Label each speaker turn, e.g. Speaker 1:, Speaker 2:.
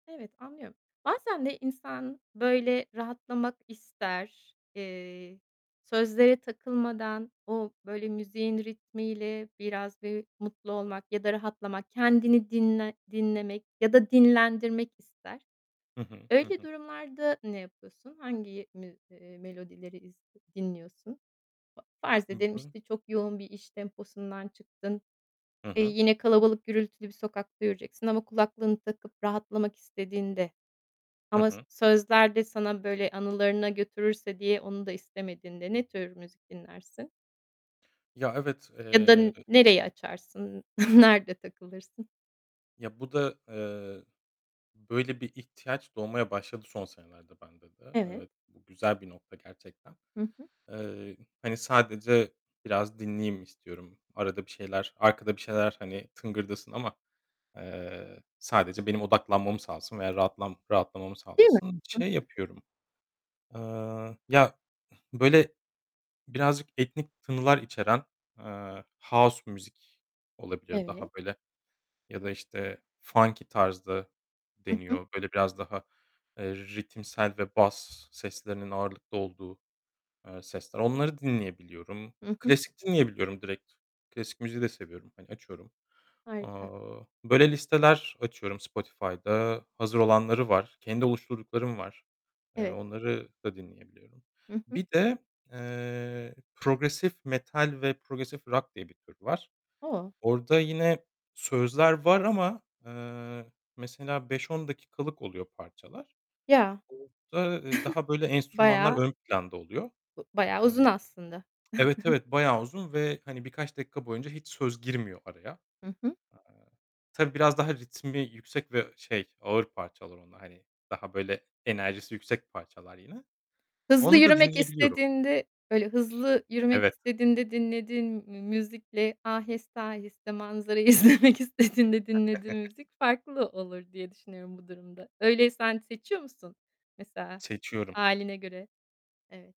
Speaker 1: Evet, anlıyorum. Bazen de insan, böyle, rahatlamak ister. Eee, sözlere takılmadan, o, böyle, müziğin ritmiyle biraz bir mutlu olmak ya da rahatlamak, kendini dinle dinlemek ya da dinlendirmek ister.
Speaker 2: Hı hı, hı
Speaker 1: Öyle
Speaker 2: hı.
Speaker 1: durumlarda ne yapıyorsun? Hangi mü ııı, melodileri iz dinliyorsun? Fa farz
Speaker 2: Hı
Speaker 1: edelim,
Speaker 2: hı.
Speaker 1: işte, çok yoğun bir iş temposundan çıktın.
Speaker 2: Hı
Speaker 1: Eee,
Speaker 2: hı.
Speaker 1: yine kalabalık gürültülü bir sokakta yürüyeceksin ama kulaklığını takıp rahatlamak istediğinde
Speaker 2: Hı
Speaker 1: ama s
Speaker 2: hı.
Speaker 1: sözler de sana böyle anılarına götürürse diye onu da istemediğinde, ne tür müzik dinlersin?
Speaker 2: Ya, evet,
Speaker 1: Ya da
Speaker 2: eee,
Speaker 1: n
Speaker 2: ı
Speaker 1: nereyi açarsın? Nerede takılırsın?
Speaker 2: Ya, bu da, eee, böyle bir ihtiyaç doğmaya başladı son senelerde bende de.
Speaker 1: Evet.
Speaker 2: Evet, bu güzel bir nokta gerçekten.
Speaker 1: Hı hı.
Speaker 2: Eee, hani, sadece biraz dinleyeyim istiyorum. Arada bir şeyler arkada bir şeyler, hani, tıngırdasın ama, eee, sadece benim odaklanmamı sağlasın veya rahatlam rahatlamamı
Speaker 1: Değil mi?
Speaker 2: sağlasın.
Speaker 1: Hı
Speaker 2: Şey
Speaker 1: hı.
Speaker 2: yapıyorum, eee, ya böyle birazcık etnik tınılar içeren, eee, house müzik olabilir
Speaker 1: Evet.
Speaker 2: daha böyle. Ya da, işte, funky tarz da
Speaker 1: Hı hı.
Speaker 2: deniyor. Böyle, biraz daha, eee, ritimsel ve bas seslerinin ağırlıklı olduğu, eee, sesler, onları dinleyebiliyorum.
Speaker 1: Hı hı.
Speaker 2: Klasik dinleyebiliyorum direkt, klasik müziği de seviyorum, hani, açıyorum.
Speaker 1: Harika.
Speaker 2: Aaa, böyle, listeler açıyorum Spotify'da. Hazır olanları var. Kendi oluşturduklarım var. Eee,
Speaker 1: Evet.
Speaker 2: onları da dinleyebiliyorum.
Speaker 1: Hı hı.
Speaker 2: Bir de, eee, progressive metal ve progressive rock diye bir tür var.
Speaker 1: O!
Speaker 2: Orada yine sözler var ama, eee, mesela 5-10 dakikalık oluyor parçalar.
Speaker 1: Ya.
Speaker 2: Orada, eee, daha böyle enstrümanlar
Speaker 1: Bayağı
Speaker 2: ön planda oluyor.
Speaker 1: U bayağı uzun
Speaker 2: Eee
Speaker 1: aslında.
Speaker 2: Evet, evet, bayağı uzun ve, hani, birkaç dakika boyunca hiç söz girmiyor araya. Eee,
Speaker 1: Hı hı.
Speaker 2: tabii biraz daha ritmi yüksek ve şey, ağır parçalar onlar, hani, daha böyle, enerjisi yüksek parçalar yine.
Speaker 1: Hızlı
Speaker 2: Onu da
Speaker 1: yürümek
Speaker 2: dinleyebiliyorum.
Speaker 1: istediğinde böyle, hızlı yürümek
Speaker 2: Evet.
Speaker 1: istediğinde, dinlediğin mü müzikle, aheste aheste manzarayı izlemek istediğinde dinlediğin müzik farklı olur diye düşünüyorum bu durumda. Öyle, sen seçiyor musun mesela,
Speaker 2: Seçiyorum.
Speaker 1: hâline göre? Evet.